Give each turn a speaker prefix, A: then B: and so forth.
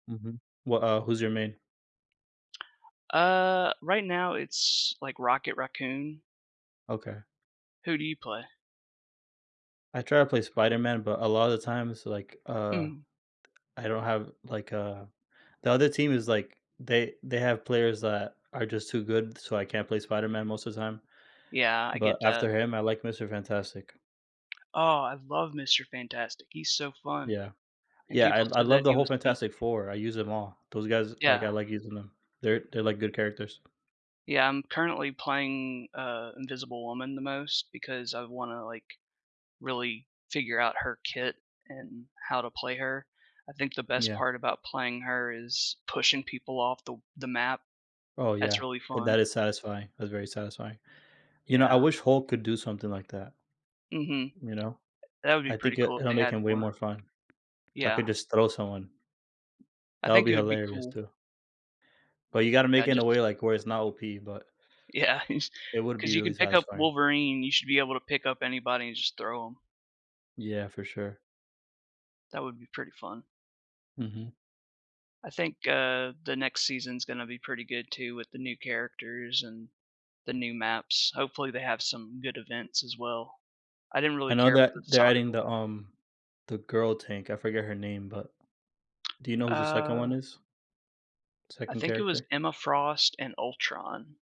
A: Mhm. Wha uh, who's your main?
B: Uh, right now, it's, like, Rocket Raccoon.
A: Okay.
B: Who do you play?
A: I try to play Spider Man, but a lotta the times, like, uh,
B: Mhm.
A: I don't have like, uh the other team is, like they they have players that are just too good, so I can't play Spider Man most the time.
B: Yeah, I
A: But
B: get that.
A: after him, I like Mister Fantastic.
B: Oh, I love Mister Fantastic, he's so fun.
A: Yeah.
B: And
A: Yeah, I
B: people
A: I
B: said
A: love
B: that
A: the
B: he
A: whole
B: was weak.
A: Fantastic Four, I use them all. Those guys like,
B: Yeah.
A: I like using them. They're they're, like, good characters.
B: Yeah, I'm currently playing, uh, Invisible Woman the most, because I wanna, like, really figure out her kit and how to play her. I think the best
A: Yeah.
B: part about playing her is pushing people off the w the map.
A: Oh,
B: That's
A: yeah.
B: really
A: Th
B: fun.
A: that is satisfying, that's very satisfying. You know, I
B: Yeah.
A: wish Hulk could do something like that.
B: Mhm.
A: You know?
B: That would be
A: I think
B: pretty
A: it
B: cool if
A: it'll
B: they
A: make
B: had
A: him way
B: more.
A: more fun. Hulk could
B: Yeah.
A: just throw someone.
B: I
A: That would
B: think
A: be
B: it would be
A: hilarious,
B: cool.
A: too. But you gotta make
B: Yeah,
A: it in a way,
B: just
A: like, where it's not OP, but
B: Yeah, he's
A: it would
B: 'cause
A: be
B: you
A: really
B: can pick up
A: satisfying.
B: Wolverine, you should be able to pick up anybody and just throw 'em.
A: Yeah, for sure.
B: That would be pretty fun.
A: Mhm.
B: I think, uh, the next season's gonna be pretty good too, with the new characters and the new maps. Hopefully, they have some good events as well. I didn't
A: I
B: really
A: know
B: care for
A: that
B: the
A: they're
B: soccer
A: adding the,
B: one.
A: um, the girl tank, I forget her name, but, do you know who the 2nd one
B: Uh
A: is?
B: I
A: 2nd
B: think it was
A: character?
B: Emma Frost and Ultron.